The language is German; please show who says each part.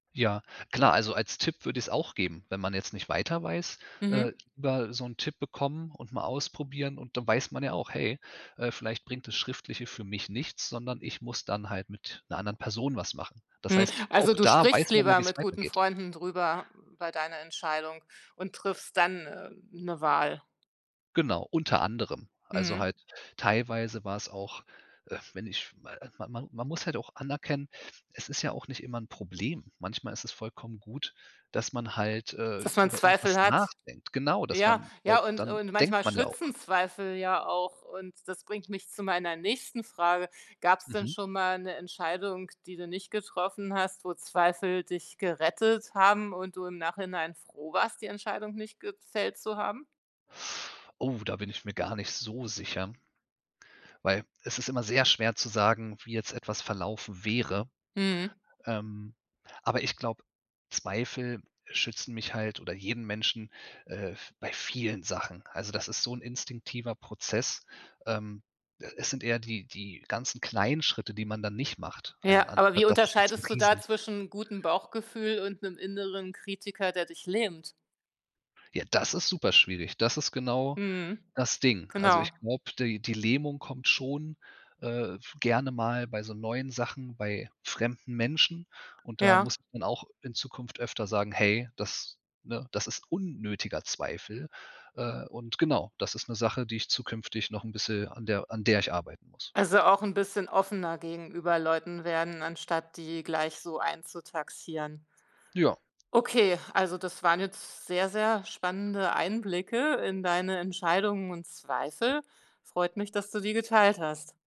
Speaker 1: Ja, klar, also als Tipp würde ich's auch geben, wenn man jetzt nicht weiter weiß,
Speaker 2: Mhm.
Speaker 1: äh, über so 'n Tipp bekommen und mal ausprobieren und dann weiß man ja auch: „Hey, äh, vielleicht bringt das Schriftliche für mich nichts, sondern ich muss dann halt mit 'ner anderen Person was machen.“ Das
Speaker 2: Mhm,
Speaker 1: heißt,
Speaker 2: also,
Speaker 1: auch
Speaker 2: du
Speaker 1: da
Speaker 2: sprichst
Speaker 1: weiß man ja,
Speaker 2: lieber
Speaker 1: wie es
Speaker 2: mit guten
Speaker 1: weitergeht.
Speaker 2: Freunden drüber bei deiner Entscheidung und triffst dann, äh, 'ne Wahl?
Speaker 1: Genau, unter anderem. Also,
Speaker 2: Mhm.
Speaker 1: halt teilweise war es auch, äh, wenn ich mal man man. man muss halt auch anerkennen: Es ist ja auch nicht immer 'n Problem. Manchmal ist es vollkommen gut, dass man halt, äh,
Speaker 2: Dass man
Speaker 1: über irgendwas
Speaker 2: Zweifel hat.
Speaker 1: nachdenkt, genau, dass
Speaker 2: Ja,
Speaker 1: man weil
Speaker 2: ja und
Speaker 1: dann
Speaker 2: und
Speaker 1: denkt
Speaker 2: manchmal
Speaker 1: man ja
Speaker 2: schützen
Speaker 1: auch.
Speaker 2: Zweifel ja auch und das bringt mich zu meiner nächsten Frage. Gab's denn
Speaker 1: Mhm.
Speaker 2: schon mal 'ne Entscheidung, die du nicht getroffen hast, wo Zweifel dich gerettet haben und du im Nachhinein froh warst, die Entscheidung nicht gefällt zu haben?
Speaker 1: Oh, da bin ich mir gar nicht so sicher weil es ist immer sehr schwer zu sagen, wie jetzt etwas verlaufen wäre,
Speaker 2: Mhm.
Speaker 1: ähm, aber ich glaube, Zweifel schützen mich halt oder jeden Menschen, äh, v bei vielen Sachen. Also, das ist so 'n instinktiver Prozess. Ähm, äh, es sind eher die die ganzen kleinen Schritte, die man dann nicht macht.
Speaker 2: Ja,
Speaker 1: Einen,
Speaker 2: aber wie
Speaker 1: [unintelligible] das ist jetzt 'n
Speaker 2: unterscheidest du da
Speaker 1: Riesen
Speaker 2: zwischen gutem Bauchgefühl und 'nem inneren Kritiker, der dich lähmt?
Speaker 1: Ja, das ist super schwierig, das ist genau
Speaker 2: Mhm,
Speaker 1: das Ding. Also,
Speaker 2: genau.
Speaker 1: ich glaube, die die Lähmung kommt schon, äh, f gerne mal bei so neuen Sachen, bei fremden Menschen und da
Speaker 2: Ja.
Speaker 1: muss man auch in Zukunft öfter sagen: „Hey, das ne, das ist unnötiger Zweifel“, äh, und genau, das ist 'ne Sache, die ich zukünftig noch bisschen an der an der ich arbeiten muss.
Speaker 2: Also, auch 'n bisschen offener gegenüber Leuten werden, anstatt die gleich so einzutaxieren.
Speaker 1: Ja.
Speaker 2: Okay, also das waren jetzt sehr, sehr spannende Einblicke in deine Entscheidungen und Zweifel. Freut mich, dass du die geteilt hast.